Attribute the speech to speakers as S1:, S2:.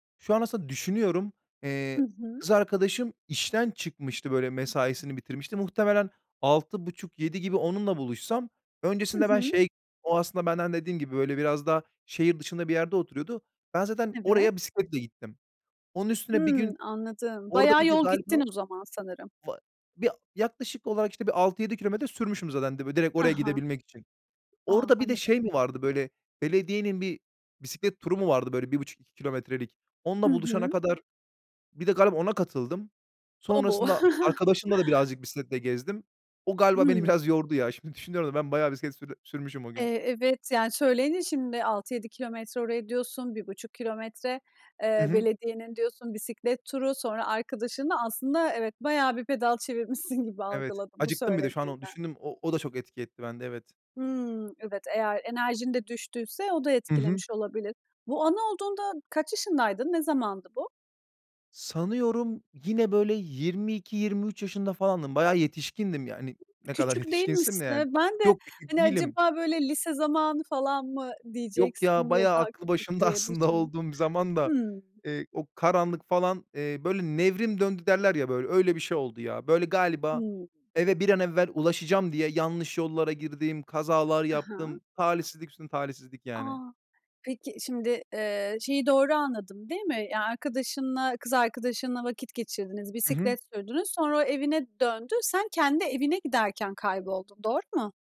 S1: Şu an, aslında düşünüyorum. Eee,
S2: Hı hı.
S1: kız arkadaşım işten çıkmıştı, böyle, mesaisini bitirmişti. Muhtemelen 06.30- 07.00 gibi onunla buluşsam,
S2: Hı
S1: öncesinde ben
S2: hı.
S1: şey. O, aslında benden dediğim gibi, böyle, biraz daha şehir dışında bir yerde oturuyordu. Ben, zaten
S2: Evet.
S1: oraya bisikletle gittim. Onun üstüne, bir
S2: Hımm.
S1: gün
S2: Anladım.
S1: orada,
S2: Bayağı
S1: bir de
S2: yol
S1: galiba
S2: gitsin bu zaman sanırım.
S1: va bi yaklaşık olarak, işte, bir 6-7 kilometre sürmüşüm zaten, direkt
S2: Ha
S1: oraya
S2: ha.
S1: gidebilmek için.
S2: A!
S1: Orada, bir de
S2: Anladım.
S1: şey mi vardı, böyle, belediyenin, bir bisiklet turu mu vardı, böyle 1,5- 2 kilometrelik. Onunla
S2: Hı
S1: buluşana
S2: hı.
S1: kadar, bir de galiba ona katıldım. Sonrasında a
S2: [unintelligible]
S1: arkadaşımla da birazcık bisikletle gezdim. O galiba beni
S2: Hımm.
S1: biraz yordu, ya. Şimdi düşünüyorum da, ben bayağı bisiklet sür sürmüşüm o gün.
S2: Eee, evet. Yani, söyleyince şimdi, 6-7 kilometre oraya diyorsun, 1,5 kilometre.
S1: Hı
S2: Eee,
S1: hı.
S2: belediyenin diyorsun, bisiklet turu. Sonra, arkadaşınla Aslında, evet, bayağı bir pedal çevirmişsin gibi
S1: Evet,
S2: algıladım bu
S1: acıktım bir, de şu an onu
S2: söylediğinden.
S1: düşündüm. O o da çok etki etti bende, evet.
S2: Hmm, evet. Eğer enerjin de düştüyse, o da
S1: Hı hı.
S2: etkilemiş olabilir. Bu anı olduğunda, kaç yaşındaydın? Ne zamandı bu?
S1: Sanıyorum, yine, böyle, 22-23 yaşında falandım, bayağı yetişkindim, yani. Ne kadar
S2: Küçük
S1: yetişkinsin de,
S2: değilmişsin.
S1: yani.
S2: Ben de,
S1: Yok, küçük
S2: hani,
S1: değilim.
S2: acaba, böyle, lise zamanı falan mı
S1: Yok ya,
S2: diyeceksin diye,
S1: bayağı
S2: daha
S1: aklı
S2: küçük
S1: başında,
S2: diye
S1: aslında,
S2: düşündüm.
S1: olduğum bir zamanda,
S2: Hımm.
S1: eee, o karanlıki falan, eee, böyle, nevrim döndü derler ya böyle, öyle bir şey oldu ya. Böyle, galiba,
S2: Hımm.
S1: eve bir an evvel ulaşacağım diye, yanlış yollara girdim, kazalar
S2: Ha
S1: yaptım,
S2: ha.
S1: Talihsizlik üstüne talihsizlik,
S2: A!
S1: yani.
S2: Peki, şimdi, eee, şeyi doğru anladım, değil mi? Ya, arkadaşınla, kız arkadaşınla vakit geçirdiniz,
S1: Hı hı.
S2: bisiklet sürdünüz, sonra o evine döndü. Sen kendi evine giderken kayboldun, doğru mu?